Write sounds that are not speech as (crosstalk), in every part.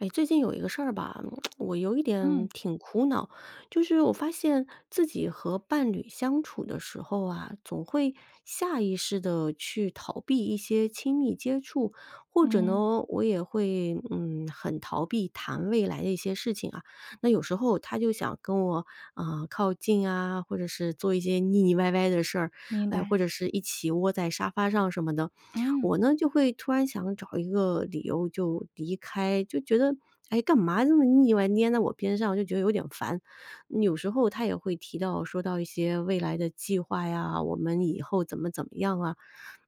哎，最近有一个事吧，(tsk) 我有一嗯。点挺苦恼，就是我发现自己和伴侣相处的时候啊，总会下意识地去逃避一些亲密接触，或者嗯。呢，我也会，嗯，很逃避谈未来的一些事情啊。那有时候他就想跟我，呃，靠近啊，或者是做一些腻腻歪歪的事儿，明哎，白。或者是一起窝在沙发上什么的。嗯。我呢，就会突然想找一个理由就离开，就觉得，哎，干嘛这么腻歪黏在我边上，我就觉得有点烦。有时候他也会提到说到一些未来的计划呀，我们以后怎么怎么样啊，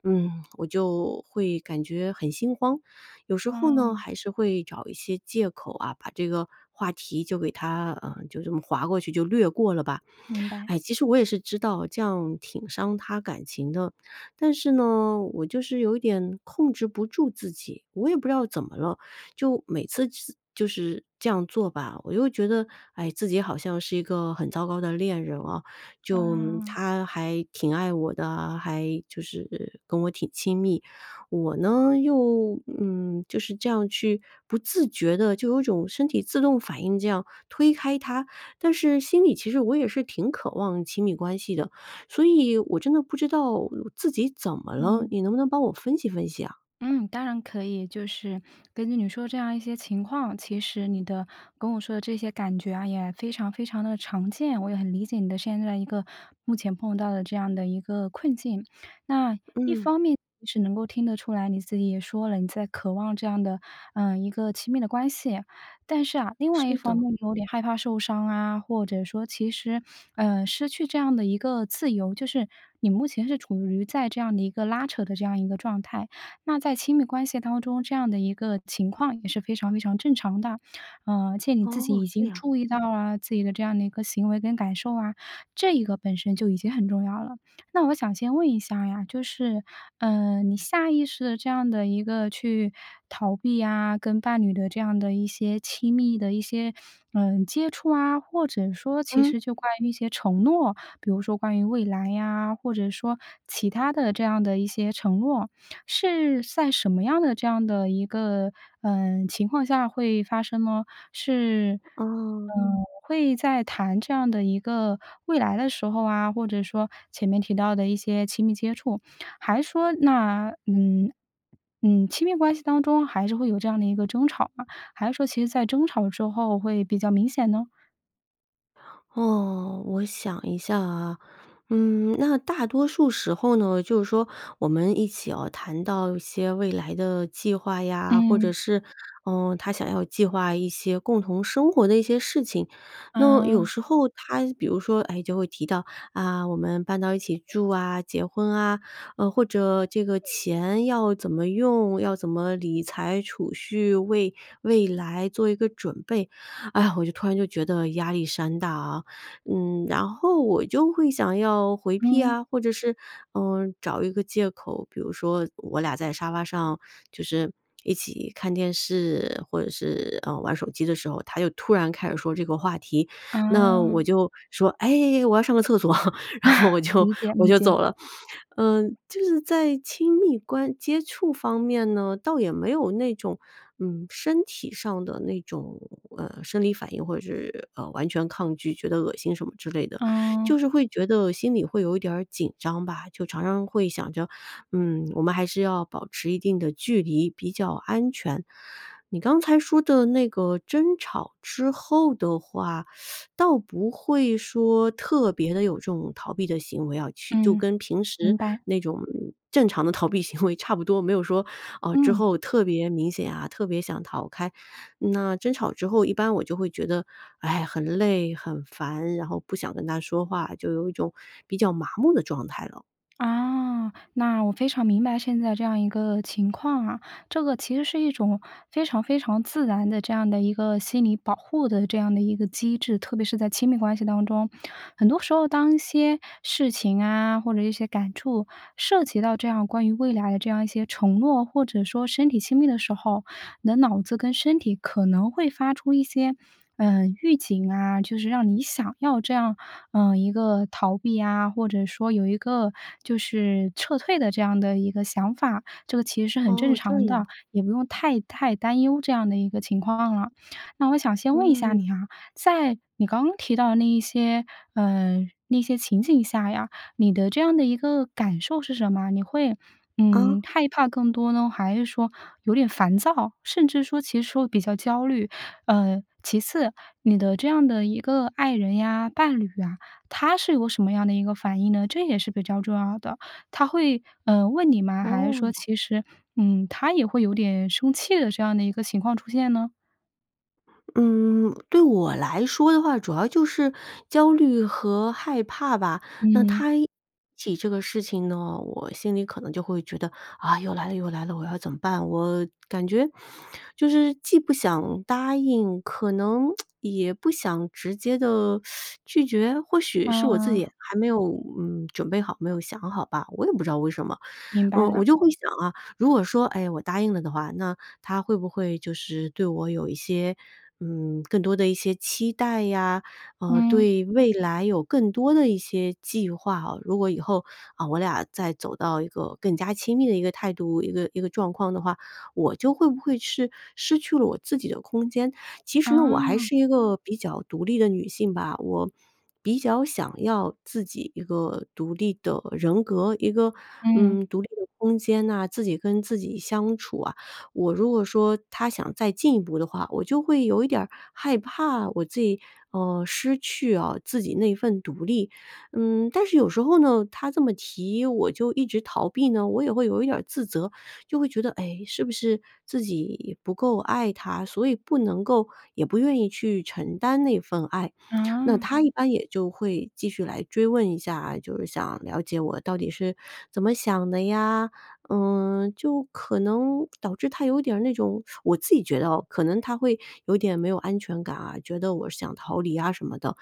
嗯，我就会感觉很心慌。有时候呢，哦。还是会找一些借口啊，把这个话题就给它，呃，就这么划过去就略过了吧。明白。哎，其实我也是知道这样挺伤他感情的，但是呢，我就是有点控制不住自己，我也不知道怎么了，就每次次就是这样做吧，我又觉得，哎，自己好像是一个很糟糕的恋人哦，就哦。他还挺爱我的啊，还就是跟我挺亲密。我呢，又，嗯，就是这样去不自觉地就有种身体自动反应这样推开他，但是心里其实我也是挺渴望亲密关系的，所以我真的不知道自己怎么了，嗯。你能不能帮我分析分析啊？嗯，当然可以，就是根据你说这样一些情况，其实你的跟我说的这些感觉啊，也非常非常地常见，我也很理解你的现在一个目前碰到的这样的一个困境。那，一嗯。方面是能够听得出来，你自己也说了，你在渴望这样的，呃，一个亲密的关系。但是啊，另外一是方的。面你有点害怕受伤啊，或者说其实，呃，失去这样的一个自由，就是你目前是处于在这样的一个拉扯的这样一个状态。那在亲密关系当中，这样的一个情况也是非常非常正常的。呃，而且你自己哦，已这经样。注意到了自己的这样的一个行为跟感受啊，这一个本身就已经很重要了。那我想先问一下呀，就是，呃，你下意识地这样地一个去逃避啊，跟伴侣的这样的一些亲密的一些，呃，接触啊，或者说其嗯。实就关于一些承诺，比如说关于未来啊，或者说其他的这样的一些承诺，是在什么样的这样的一个，呃，情况下会发生呢？是，哦。呃，会在谈这样的一个未来的时候啊，或者说前面提到的一些亲密接触，还是说那嗯，嗯，亲密关系当中还是会有这样的一个争吵嘛，还是说其实在争吵之后会比较明显呢？哦，我想一下啊。嗯，那大多数时候呢，就是说我们一起哦，谈到一些未来的计划呀，或嗯。者是，呃，他想要计划一些共同生活的一些事情。那有啊。时候他比如说，哎，就会提到，“啊，我们搬到一起住啊、结婚啊”，呃，或者这个钱要怎么用，要怎么理财、储蓄，为未来做一个准备。哎呀，我就突然就觉得压力山大啊。嗯，然后我就会想要回避嗯。啊，或者是，嗯，找一个借口。比如说，我俩在沙发上就是一起看电视，或者是，呃，玩手机的时候，他就突然开始说这个话题。那啊。我就说：“哎，我要上个厕所。” (chuckles) 然后我 (chuckles) 就理解，我理就解。走了。嗯，就是在亲密关接触方面呢，倒也没有那种，嗯，身体上的那种，呃，生理反应，或者是，呃，完全抗拒，觉得恶心什么之类的。就是嗯。会觉得心里会有一点儿紧张吧。就常常会想着，嗯，我们还是要保持一定的距离比较安全。你刚才说的那个争吵之后的话，(sucks teeth) 倒不会说特别地有这种逃避的行为要去就嗯，跟平明时白。那种正常的逃避行为差不多，没有说，啊，之嗯。后特别明显啊，特别想逃开。那争吵之后，一般我就会觉得，哎，很累、很烦，然后不想跟他说话，就有一种比较麻木的状态了。(clicks tongue) 啊，那我非常明白现在这样一个情况啊。这个其实是一种非常非常自然的这样的一个心理保护的这样的一个机制。特别是在亲密关系当中，很多时候当一些事情啊，或者一些感触，涉及到这样关于未来，这样一些承诺，或者说身体亲密的时候，你的脑子跟身体可能会发出一些，呃，预警啊，就是让你想要这样，呃，一个逃避啊，或者说有一个，就是撤退的这样的一个想法。这个其实是很正哦，这常的，样。也不用太太担忧这样的一个情况了。那我想先问一下嗯。你啊，在你刚刚提到的那一些，呃，那些情景下呀，你的这样的一个感受是什么？你会，啊。嗯，害怕更多呢？还是说有点烦躁，甚至说其实说比较焦虑？呃，其次，你的这样的一个爱人呀、伴侣啊，他是有什么样的一个反应呢？这也是比较重要的。他会，呃，问你吗？还是说哦。其实，嗯，他也会有点生气的这样的一个情况出现呢？嗯，对我来说的话，主要就是焦虑和害怕吧。那嗯。他一提起这个事情呢，我心里可能就会觉得：“啊，又来了，又来了，我要怎么办？”我感觉就是既不想答应，可能 (tsk) 也不想直接地 (sucks teeth) 拒绝。或许是我自己嗯。还没有，嗯，准备好，没有想好吧，我也不知道为什么。明白嗯，我了。就会想啊，如果说，哎，我答应了的话，那他会不会就是对我有一些，嗯，更多的一些期待呀，呃，嗯。对未来有更多的一些计划哦。如果以后，啊我俩再走到一个更加亲密的一个态度一个一个状况的话，我就会不会是，失去了我自己的空间。其实呢，我还哦。是一个比较独立的女性吧，我比较想要自己一个独立的人格、一个，嗯。嗯，独立的空间哪、自己跟自己相处啊。我如果说，他想再进一步的话，我就会有一点儿害怕我自己，呃，失去哦，自己那一份独立。嗯，但是有时候呢，他这么提我就一直逃避呢，我也会有一点儿自责。就会觉得，哎，是不是自己不够爱他，所以不能够，也不愿意去承担那份爱。那哦。他一般也就会继续来追问一下啊，就是想了解我到底是怎么想的呀。嗯，就可能导致他有点儿那种我自己觉得哦，可能他会有点没有安全感啊，觉得我想逃离啊什么的。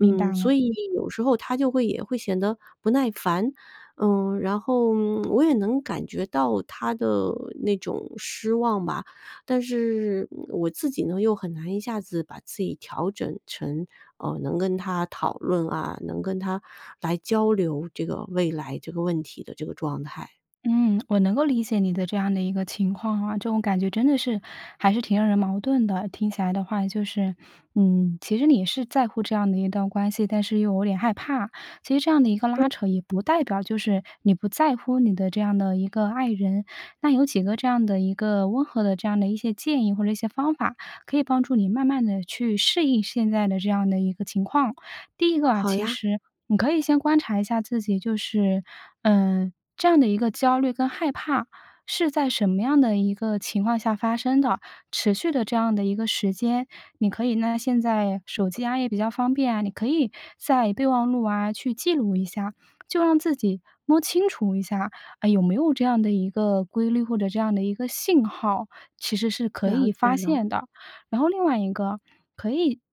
明白了。所以有时候他就会也会显得不耐烦。呃，然后，我也能感觉到他的那种失望吧。但是我自己呢，又很难一下子把自己调整成，呃，能跟他讨论啊、能跟他来交流这个未来这个问题的这个状态。嗯，我能够理解你的这样的一个情况啊。这种感觉真的是，还是挺让人矛盾的。听起来的话，就是，嗯，其实你是在乎这样的一段关系，但是又有点害怕。其实这样的一个拉扯，也不代表就是你不在乎你的这样的一个爱人。那有几个这样的一个温和的这样的一些建议或者一些方法，可以帮助你慢慢地去适应现在的这样的一个情况。第一个啊，好其呀。实，你可以先观察一下自己。就是，呃，这样的一个焦虑跟害怕，是在什么样的一个情况下发生的，持续的这样的一个时间。你可以呢，现在手机啊，也比较方便啊，你可以在备忘录啊，去记录一下。就让自己摸清楚一下，哎，有没有这样的一个规律，或者这样的一个信号，其实是可了以解发了。现的。然后另外一个，可以就是先允许 (swallows)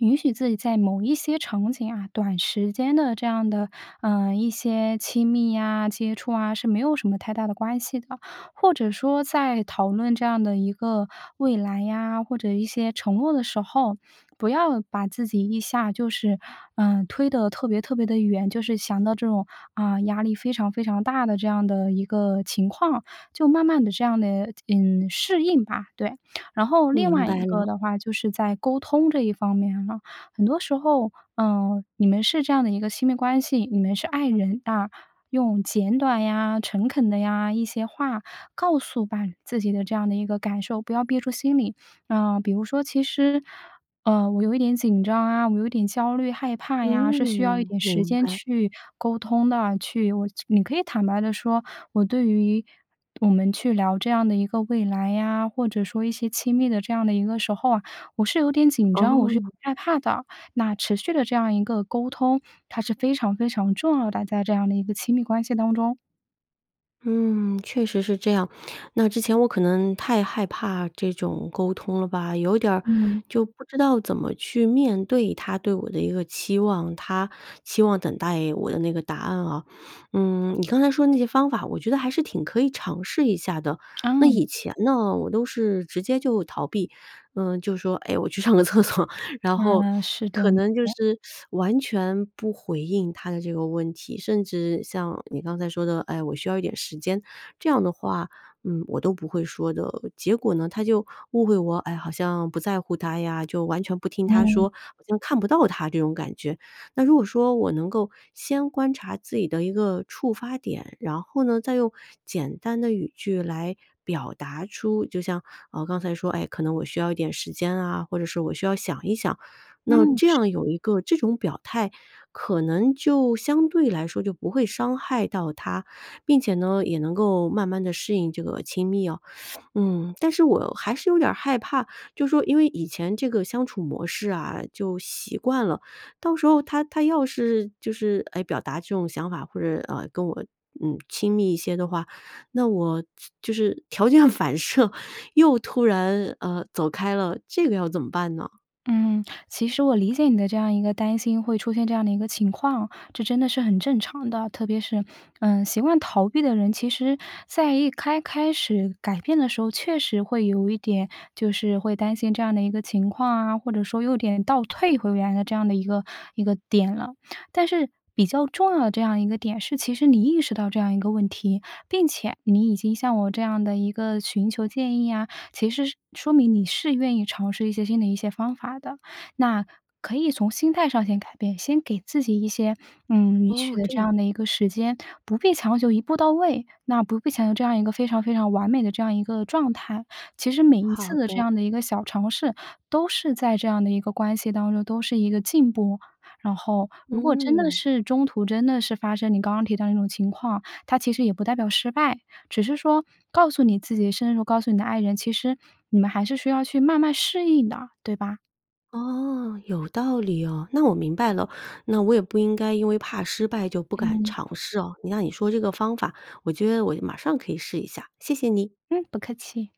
允许自己在某一些场景啊，短时间的这样的，呃，一些亲密啊、接触啊，是没有什么太大的关系的。或者说在讨论这样的一个未来呀，或者一些承诺的时候，不要把自己一下就是，呃，推得特别特别地远。就是想到这种，啊，压力非常非常大的这样的一个情况，就慢慢地这样的，嗯，适应吧，对。然后另明外一白个了。的话，就是在沟通这一方面了。很多时候，呃，你们是这样的一个亲密关系，你们是爱人，啊，用简短呀、诚恳的呀一些话，告诉把自己的这样的一个感受，不要憋住心里。呃，比如说：“其实，呃，我有一点紧张啊，我有一点焦虑、害怕呀。“是需要一嗯，点时明间白。去沟通的。去我去你可以坦白地说，“我对于我们去聊这样的一个未来呀，或者说一些亲密的这样的一个时候啊，我是有点紧张，我是有哦。点害怕的。”那持续的这样一个沟通，它是非常非常重要的，在这样的一个亲密关系当中。嗯，确实是这样。那之前我可能太害怕这种沟通了吧，有点儿嗯。就不知道怎么去面对他对我的一个期望，他期望等待我的那个答案哦。嗯，你刚才说那些方法，我觉得还是挺可以尝试一下的。那嗯。以前呢，我都是直接就逃避，嗯，就说：“哎，我去上个厕所。“然后，啊，是的。可能就耶？是 (sucks teeth) 完全不回应他的这个问题，甚至像你刚才说的：‘’哎，我需要一点时间。‘’这样的话，嗯，我都不会说的。结果呢，他就误会我，哎，好像不在乎他呀，就完全不听他嗯。说，好像看不到他这种感觉。那如果说我能够，先观察自己的一个触发点，然后呢，再用简单的语句来表达出就像，啊，刚才说，哎，可能我需要一点时间啊，或者是我需要想一想，那嗯，这是样的。有一个这种表态，可能就相对来说就不会伤害到他。并且呢，也能够慢慢地适应这个亲密哦。(inhales) 嗯，但是我还是有点儿害怕，就说因为以前这个相处模式啊，就习惯了，到时候他他要是，就是，哎，表达这种想法，或者，呃，跟我嗯，亲密一些的话，那我就就是条件反射又突然，呃，走开了，这个要怎么办呢？嗯，其实我理解你的这样一个担心会出现这样的一个情况，这真的是很正常的，特别是嗯，习惯逃避的人，其实在一开开始改变的时候，确实会有一点就是会担心这样的一个情况啊，或者说有点倒退回原来的这样的一个一个点了。但是，比较重要的这样一个点是，其实你意识到这样一个问题，并且你已经向我这样的一个寻求建议啊，其实是说明你是愿意尝试一些新的一些方法的。那可以从心态上先改变，先给自己一些，嗯，允许哦，的这这样。样的一个时间，不必强求一步到位。那不必强求这样一个非常非常完美的这样一个状态。其实每一好次的这的。样的一个小尝试，都是在这样的一个关系当中，都是一个进步。然后，如果真的嗯。是中途真的是发生你刚刚提到的那种情况，它其实也不代表失败，只是说告诉你自己，深入告诉你的爱人，其实你们还是需要去慢慢适应的，对吧？哦，有道理哦，那我明白了，那我也不应该因为怕失败就不敢嗯。尝试哦。你那你说这个方法，我觉得我马上可以试一下，谢谢你。嗯，不客气。